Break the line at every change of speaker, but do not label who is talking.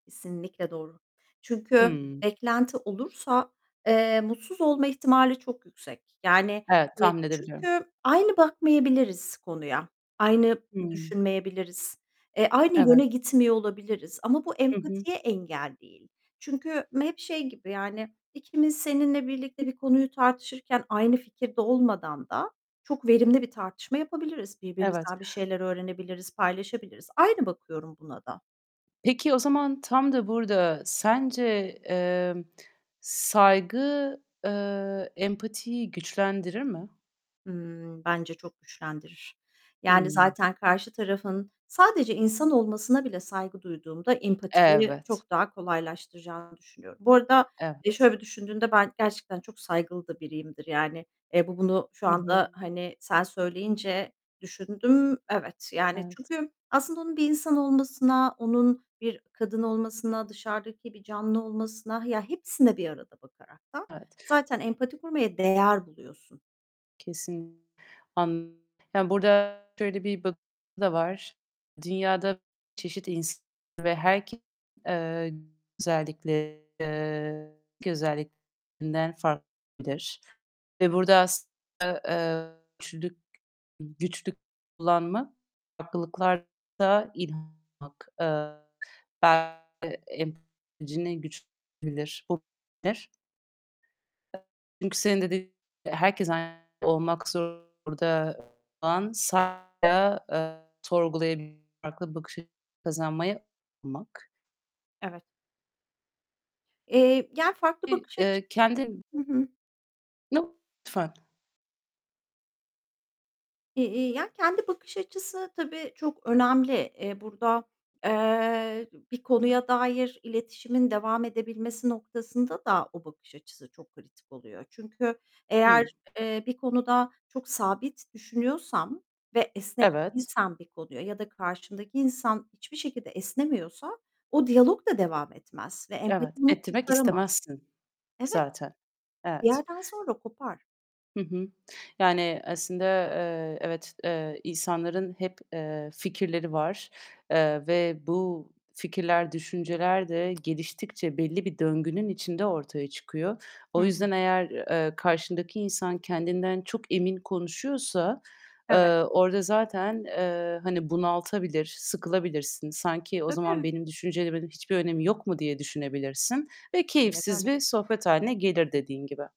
Kesinlikle doğru. Çünkü
Hıı.
beklenti olursa, eee, mutsuz olma ihtimali çok yüksek. Yani,
Evet,
eee,
tahmin edebiliyorum.
çünkü aynı bakmayabiliriz konuya, aynı
Hıı.
düşünmeyebiliriz, eee, aynı
Evet.
yöne gitmiyor olabiliriz. Ama bu
Hı hı.
empatiye engel değil. Çünkü hep şey gibi, yani, ikimiz seninle birlikte bir konuyu tartışırken aynı fikirde olmadan da çok verimli bir tartışma yapabiliriz.
Evet.
Birbirimizden bir şeyler öğrenebiliriz, paylaşabiliriz. Aynı bakıyorum buna da.
Peki, o zaman tam da burada sence, eee, saygı, eee, empatiyi güçlendirir mi?
Hımm, bence çok güçlendirir. Yani,
Hıı.
zaten karşı tarafın sadece insan olmasına bile saygı duyduğumda empatiyi
Evet.
çok daha kolaylaştıracağını düşünüyorum. Bu arada, eee,
Evet.
şöyle bir düşündüğümde ben gerçekten çok saygılı da biriyimdir yani. Eee, bu bunu şu
Hı
anda,
hı.
hani, sen söyleyince düşündüm. Evet, yani,
Evet.
çünkü aslında onun bir insan olmasına, onun bir kadın olmasına, dışarıdaki bir canlı olmasına, ya, hepsine bir arada bakaraktan
Evet.
zaten empati kurmaya değer buluyorsun.
Kesin An Ya, burada şöyle bir bak [unintelligible] var. Dünyada [unintelligible] çeşit insan [unintelligible] ve herkes, eee, özellikle eee, [unintelligible] özelliklerinden fark [unintelligible] Ve burada aslında, eee, güçlülük, güçlük kullanma, farklılıklar da inanmak, eee, belki em [unintelligible] güçlendirebilir. [unintelligible] Çünkü senin de dediğin gibi herkes aynı olmak zorunda olan sa eee, sorgulayabil farklı bakış açısı kazanmayı anlamak.
Evet. Eee, yani farklı
İ
bakış
eee,
açıları
kendin
Hı hı.
[unintelligible]
Eee, eee, ya, kendi bakış açısı tabii, çok önemli. Eee, burada, eee, bir konuya dair iletişimin devam edebilmesi noktasında da o bakış açısı çok kritik oluyor. Çünkü eğer,
Hıı.
eee, bir konuda çok sabit düşünüyorsam ve esnek
Evet.
değilsem bir konuya ya da karşımdaki insan hiçbir şekilde esnemiyorsa o diyalog da devam etmez ve empati
Evet,
bunu
ettirmek
kurtaramaz.
istemezsin
Evet.
zaten.
Bir
Evet.
yerden sonra kopar.
Hı hı. Yani aslında, eee, evet, eee, insanların hep, eee, fikirleri var, eee ve bu fikirler, düşünceler de geliştikçe belli bir döngünün içinde ortaya çıkıyor.
Hı
O
hı.
yüzden eğer, eee, karşındaki insan kendinden çok emin konuşuyorsa, eee,
Evet.
orada zaten, eee, hani, bunaltabilir, sıkılabilirsin. Sanki, "O zaman
Tabii.
benim düşüncelerimin hiçbir önemi yok mu?" diye düşünebilirsin ve
Aynen
keyifsiz
öyle.
bir sohbet hâline gelir dediğin gibi.